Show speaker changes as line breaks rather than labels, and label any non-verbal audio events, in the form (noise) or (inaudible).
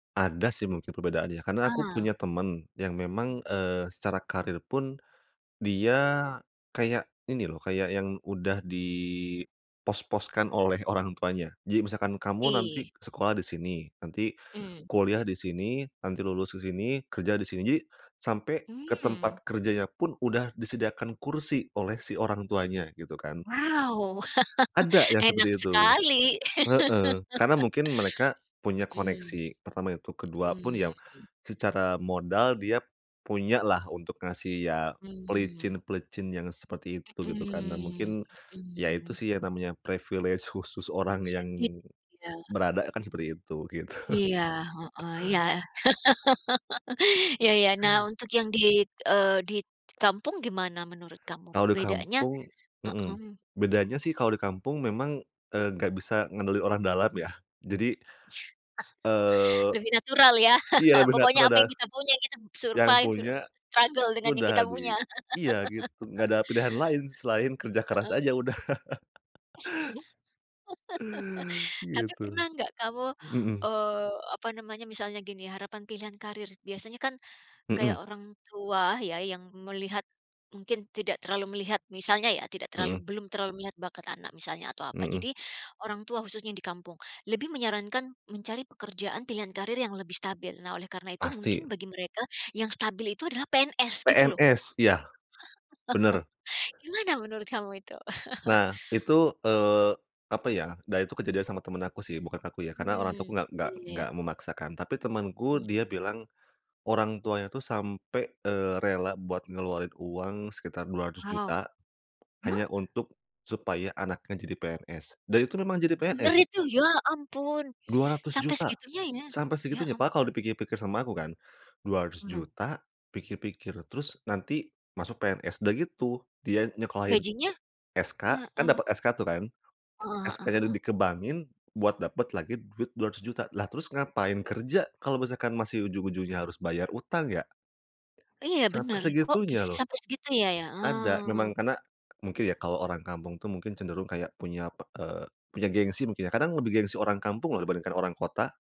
Ada sih mungkin perbedaannya karena aku
Ah.
punya temen yang memang, eee, secara karir pun dia kayak ini loh, kayak yang udah di pos-poskan oleh orang tuanya jadi misalkan kamu nanti
Ih.
sekolah di sini, nanti
Mmm.
kuliah di sini, nanti lulus di sini, kerja di sini, sampai ke
Mmm.
tempat kerjanya pun udah disediakan kursi oleh si orang tuanya gitu kan.
Wow,
Ada
(chuckles)
yang
enak
seperti itu,
sekali,
heeh. Karena mungkin mereka
(chuckles)
punya
hmm,
koneksi. Pertama itu. Ke-2 pun
hmm.
ya secara modal dia punya lah untuk ngasih ya
Mmm.
pelicin-pelicin yang seperti itu gitu kan, nah
Hmm
mungkin ya itu
hmm.
sih yang namanya privilege khusus orang yang
I iya.
berada kan seperti itu, gitu.
Iya, heeh, iya. (chuckles) Iya
(chuckles)
iya. Nah untuk yang di, eee, di kampung gimana menurut kamu
Kalau di
bedanya
kampung mmm,
heeh.
bedanya sih kalau di kampung memang, eee, nggak bisa ngandelin orang dalam ya. Jadi,
(chuckles)
eee
Lebih natural ya,
iya lah
(chuckles)
bener,
pokoknya
kan
apa yang
ada,
kita punya kita
yang
survive,
punya
struggle dengan yang
udah
kita
di
punya.
iya gitu nggak
(laughs)
ada pilihan lain selain kerja keras
Heeh.
aja udah, (chuckles)
(chuckles) Tapi
Gitu,
pernah nggak kamu,
hmm.
eee, apa namanya, misalnya gini harapan pilihan karir. Biasanya kan kayak
Hmm.
orang tua ya yang melihat, mungkin tidak terlalu melihat misalnya ya tidak terlalu
Hmm.
belum terlalu melihat bakat anak misalnya atau apa,
Hmm.
jadi orang tua khususnya di kampung lebih menyarankan mencari pekerjaan pilihan karir yang lebih stabil. Nah oleh karena itu
Pasti.
mungkin bagi mereka yang stabil itu adalah PNS gitu loh.
PNS iya, benar.
(chuckles) Gimana menurut kamu itu? (chuckles)
Nah itu, eee, apa ya, nah itu kejadian sama temen aku sih bukan aku ya karena orang
Hmm,
tuaku nggak nggak
oke.
nggak memaksakan, tapi temanku
Mmm.
dia bilang orang tuanya itu sampai, eee, rela buat ngeluarin uang sekitar dua ratus
Wow,
juta
hah?
hanya untuk supaya anaknya jadi PNS, dan itu memang jadi
Benar
PNS.
itu? Ya ampun,
dua ratus
sampai
juta.
segitunya ya?
Sampai
Ya
segitunya padahal kalau
ampun.
dipikir pikir sama aku kan dua ratus
Ah hah.
juta, pikir-pikir, terus nanti masuk PNS, udah gitu dia nyekolahin
Gajinya?
SK, kan
Heeh.
dapet SK tuh kan,
Heeh heeh
SK-nya
heeh.
di ke bank-in buat dapet lagi duit Rp200.000.000. Lah terus ngapain kerja kalau misalkan masih ujung ujungnya harus bayar utang ya? Ya
Iya
sampai
benar, kok bisa
segitunya loh.
sampai segitu ya ya?
Ada
Ah.
memang karena mungkin ya kalau orang kampung tuh mungkin cenderung kayak punya p eee, punya gengsi mungkin ya. Kadang lebih gengsi orang kampung loh dibandingkan orang kota.